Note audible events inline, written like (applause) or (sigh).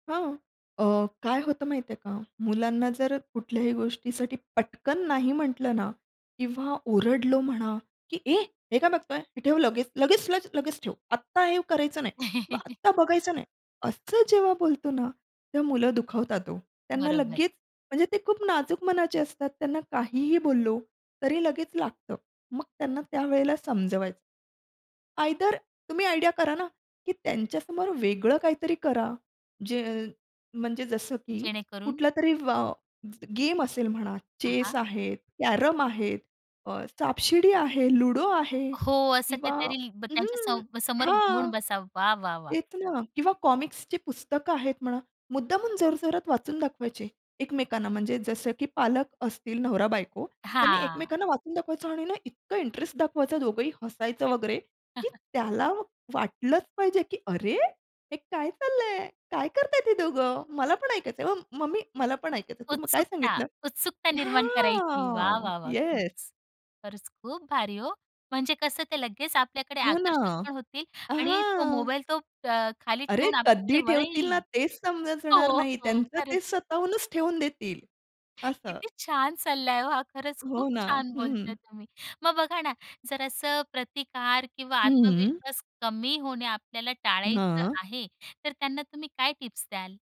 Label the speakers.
Speaker 1: हां, अ, काय होतं माहिती आहे का? मुलांना जर कुठल्याही गोष्टीसाठी पटकन नाही म्हटलं ना किंवा ओरडलो म्हणा, की "ए हे काय बघतोय? हे ठेव लगेच, लगेच, लगेच ठेव. आत्ता हे करायचं नाही, ब
Speaker 2: (laughs)
Speaker 1: आत्ता बघायचं नाही." असं जेव्हा बोलतो ना, तेव्हा मुलं दुखावतात हो. त्यांना
Speaker 2: बरोबर
Speaker 1: लगेच म्हणजे ते खूप नाजूक मनाचे असतात. त्यांना काहीही बोललो तरी लगेच लागतं. मग त्यांना त्यावेळेला समजवायचं. आयदर तुम्ही आयडिया करा ना, की त्यांच्यासमोर वेगळं काहीतरी करा. जे म्हणजे जसं की
Speaker 2: जेणेकरून
Speaker 1: कुठलातरी व अ, गेम असेल म्हणा,
Speaker 2: हां,
Speaker 1: चेस
Speaker 2: हां.
Speaker 1: आहेत, कॅरम आहेत, अ, सापशिडी आहे, लुडो आहे
Speaker 2: हो, असं
Speaker 1: किंवा
Speaker 2: काहीतरी ब
Speaker 1: अं,
Speaker 2: त्यांच्या
Speaker 1: हं,
Speaker 2: सब समोर
Speaker 1: हां.
Speaker 2: घेऊन बसा. वाह! वाह! वाह!
Speaker 1: तेच ना. किंवा कॉमिक्सची पुस्तकं आहेत म्हणा, मुद्दामून जोरजोरात वाचून दाखवायचे एकमेकांना. म्हणजे जसं की पालक असतील, नवरा-बायको त्यांनी
Speaker 2: हां.
Speaker 1: एकमेकांना वाचून दाखवायचं आणि ना इतकं इंटरेस्ट दाखवायचं. दोघंही हसायचं वगैरे, की
Speaker 2: (chuckles)
Speaker 1: त्याला वाटलंच पाहिजे, की "अरे! हे काय चाललं आहे? काय करत आहेत ही दोघं? मला पण ऐकायचं आहे. म मम्मी, मला पण ऐकायचंय. तू काय
Speaker 2: उत्सुकता,
Speaker 1: सांगितलं?"
Speaker 2: उत्सुकता निर्माण करायची. वाह,
Speaker 1: हां,
Speaker 2: वाह, वाह!
Speaker 1: येस.
Speaker 2: खरंच. खरंच खूप भारी हो. म्हणजे कसं, ते लगेच आपल्याकडे
Speaker 1: हो ना,
Speaker 2: आकर्षित पण होतील
Speaker 1: अ,
Speaker 2: आणि तो
Speaker 1: हां.
Speaker 2: मोबाईल तो अ, खाली
Speaker 1: अरे,
Speaker 2: ठेवून
Speaker 1: कधी
Speaker 2: आपल्याकडे
Speaker 1: ठेवतील ना
Speaker 2: वळेल.
Speaker 1: तेच
Speaker 2: हो,
Speaker 1: समजणार नाही.
Speaker 2: हो,
Speaker 1: त्यांचं ते
Speaker 2: खरंच.
Speaker 1: स्वतःहूनच ठेवून देतील असं.
Speaker 2: किती छान सल्ला आहे हो हा. खरंच खूप
Speaker 1: हो ना.
Speaker 2: छान
Speaker 1: हं, हं.
Speaker 2: बोलताय तुम्ही. मग बघा ना, जरा असं प्रतिकार किंवा
Speaker 1: हं.
Speaker 2: आत्मविश्वास कमी होणे आपल्याला टाळायचं
Speaker 1: हां.
Speaker 2: आहे, तर त्यांना तुम्ही काय टिप्स द्याल?